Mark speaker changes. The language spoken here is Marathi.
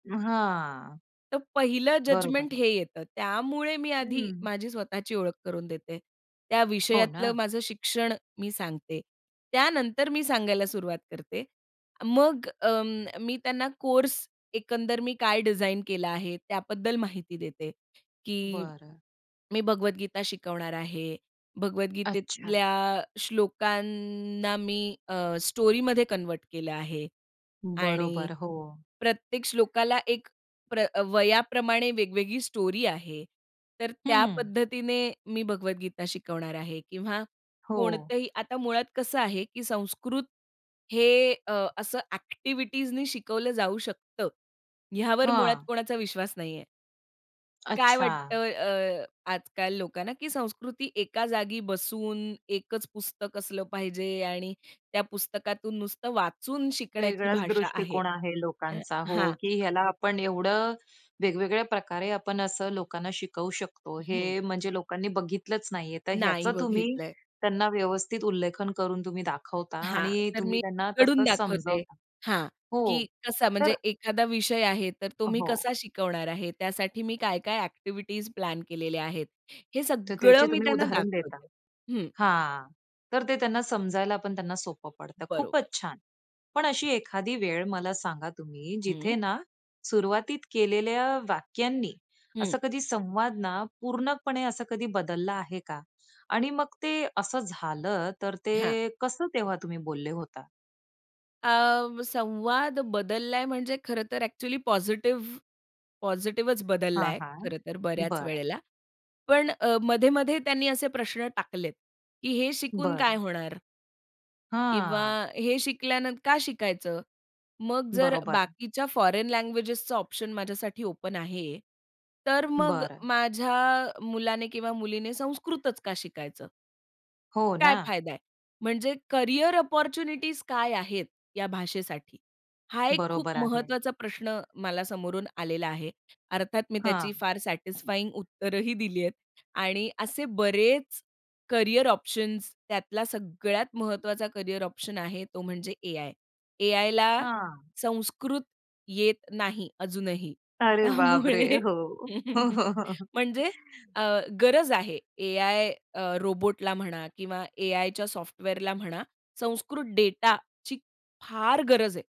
Speaker 1: हां.
Speaker 2: तर पहिलं
Speaker 1: बरोबर
Speaker 2: जजमेंट
Speaker 1: आहे.
Speaker 2: हे येतं. त्यामुळे मी आधी
Speaker 1: हं.
Speaker 2: माझी स्वतःची ओळख करून देते. त्या
Speaker 1: हो
Speaker 2: विषयातलं
Speaker 1: ना.
Speaker 2: माझं शिक्षण मी सांगते. त्यानंतर मी सांगायला सुरुवात करते. मग अ, मी त्यांना कोर्स एकंदर मी काय डिझाइन केला आहे? त्याबद्दल माहिती देते, की
Speaker 1: बरं.
Speaker 2: मी भगवद्गीता शिकवणार आहे.
Speaker 1: अच्छा.
Speaker 2: भगवद्गीतेतल्या श्लोकांना मी अ, स्टोरीमध्ये कन्व्हर्ट केलं आहे आणि,
Speaker 1: बरोबर, हो.
Speaker 2: प्रत्येक श्लोकाला एक प्र वयाप्रमाणे वेगवेगळी स्टोरी आहे. तर त्या
Speaker 1: हं.
Speaker 2: पद्धतीने मी भगवद्गीता शिकवणार आहे किंवा
Speaker 1: हो.
Speaker 2: कोणतंही आता मुळात कसं आहे, कि संस्कृत हे अ, असं ॲक्टिव्हिटीजनी शिकवलं जाऊ शकतं. ह्यावर मुळात
Speaker 1: हां.
Speaker 2: कोणाचा विश्वास नाहीये. काय
Speaker 1: अच्छा.
Speaker 2: वाटतं? अ, आजकाल लोकांना की संस्कृती एका जागी बसून, एकच पुस्तक असलं पाहिजे आणि त्या पुस्तकातून नुसतं वाचून शिकण्याची
Speaker 1: वेगळाच
Speaker 2: भाषा आहे.
Speaker 1: दृष्टिकोन आहे
Speaker 2: अ
Speaker 1: लोकांचा हो,
Speaker 2: हां.
Speaker 1: की ह्याला आपण एवढं वेगवेगळ्या प्रकारे आपण असं लोकांना शिकवू शकतो,
Speaker 2: हं.
Speaker 1: हे म्हणजे लोकांनी बघितलंच नाहीये. तर
Speaker 2: नाही
Speaker 1: ह्याचं तुम्ही
Speaker 2: बघितलंय.
Speaker 1: त्यांना व्यवस्थित उल्लेखन करून तुम्ही दाखवता
Speaker 2: हां,
Speaker 1: आणि
Speaker 2: तर
Speaker 1: तुम्ही
Speaker 2: मी
Speaker 1: त्यांना
Speaker 2: उघडून
Speaker 1: तसंच
Speaker 2: दाखवते
Speaker 1: समजवता
Speaker 2: हां,
Speaker 1: हो,
Speaker 2: की कसा म्हणजे
Speaker 1: तर
Speaker 2: एखादा विषय आहे तर तो मी
Speaker 1: हो.
Speaker 2: कसा शिकवणार आहे? त्यासाठी मी काय-काय ॲक्टिव्हिटीज प्लॅन केलेल्या आहेत, हे
Speaker 1: तर
Speaker 2: सगळं
Speaker 1: त्याचे
Speaker 2: मी
Speaker 1: तुम्ही
Speaker 2: त्यांना
Speaker 1: उदाहरण देता.
Speaker 2: दाखवते, हं.
Speaker 1: हां, तर ते त्यांना समजायला पण त्यांना सोपं पडतं,
Speaker 2: बरोबर.
Speaker 1: खूपच छान. पण अशी एखादी वेळ मला सांगा तुम्ही
Speaker 2: हं.
Speaker 1: जिथे ना, सुरुवातीत केलेल्या वाक्यांनी
Speaker 2: हं.
Speaker 1: असा कधी संवाद ना, पूर्णपणे असा कधी बदलला आहे का? आणि मग ते असं झालं, तर
Speaker 2: हां.
Speaker 1: ते कसं तेव्हा तुम्ही बोलले होता?
Speaker 2: अ, संवाद बदललाय म्हणजे खरंतर ॲक्चुअली पॉझिटिव्ह पॉझिटिव्हच
Speaker 1: हां,
Speaker 2: बदललाय
Speaker 1: हां,
Speaker 2: खरंतर बऱ्याच
Speaker 1: बरं.
Speaker 2: वेळेला. पण अ, मध्ये-मध्ये त्यांनी असे प्रश्न टाकलेत, की हे शिकून काय
Speaker 1: बरं.
Speaker 2: होणार? किंवा
Speaker 1: हां.
Speaker 2: हे शिकल्यानंतर, का शिकायचं? मग जर
Speaker 1: बरोबर.
Speaker 2: बाकीच्या फॉरेन लँग्वेजेसचा ऑप्शन माझ्यासाठी ओपन आहे तर मग
Speaker 1: बरं.
Speaker 2: माझ्या मुलाने किंवा मुलीने संस्कृतच का शिकायचं?
Speaker 1: हो
Speaker 2: काय
Speaker 1: ना.
Speaker 2: फायदा आहे? म्हणजे करियर अपॉर्च्युनिटीज काय आहेत, या भाषेसाठी? हा एक खूप
Speaker 1: बरोबर आहे.
Speaker 2: महत्वाचा प्रश्न मला समोरून आलेला आहे. अर्थात मी त्याची
Speaker 1: हां.
Speaker 2: फार सॅटिस्फाइंग उत्तरही दिली आहेत आणि असे बरेच करियर ऑप्शन्स त्यातला सगळ्यात महत्वाचा करियर ऑप्शन आहे तो म्हणजे ए-आय. ए-आयला
Speaker 1: हां.
Speaker 2: संस्कृत येत नाही अजूनही
Speaker 1: अरे बापरे!
Speaker 2: त्यामुळे
Speaker 1: हो. हो, हो, हो.
Speaker 2: म्हणजे अ, गरज आहे ए-आय अ, रोबोटला म्हणा किंवा ए-आयच्या सॉफ्टवेअरला म्हणा संस्कृत डेटाची फार गरज आहे.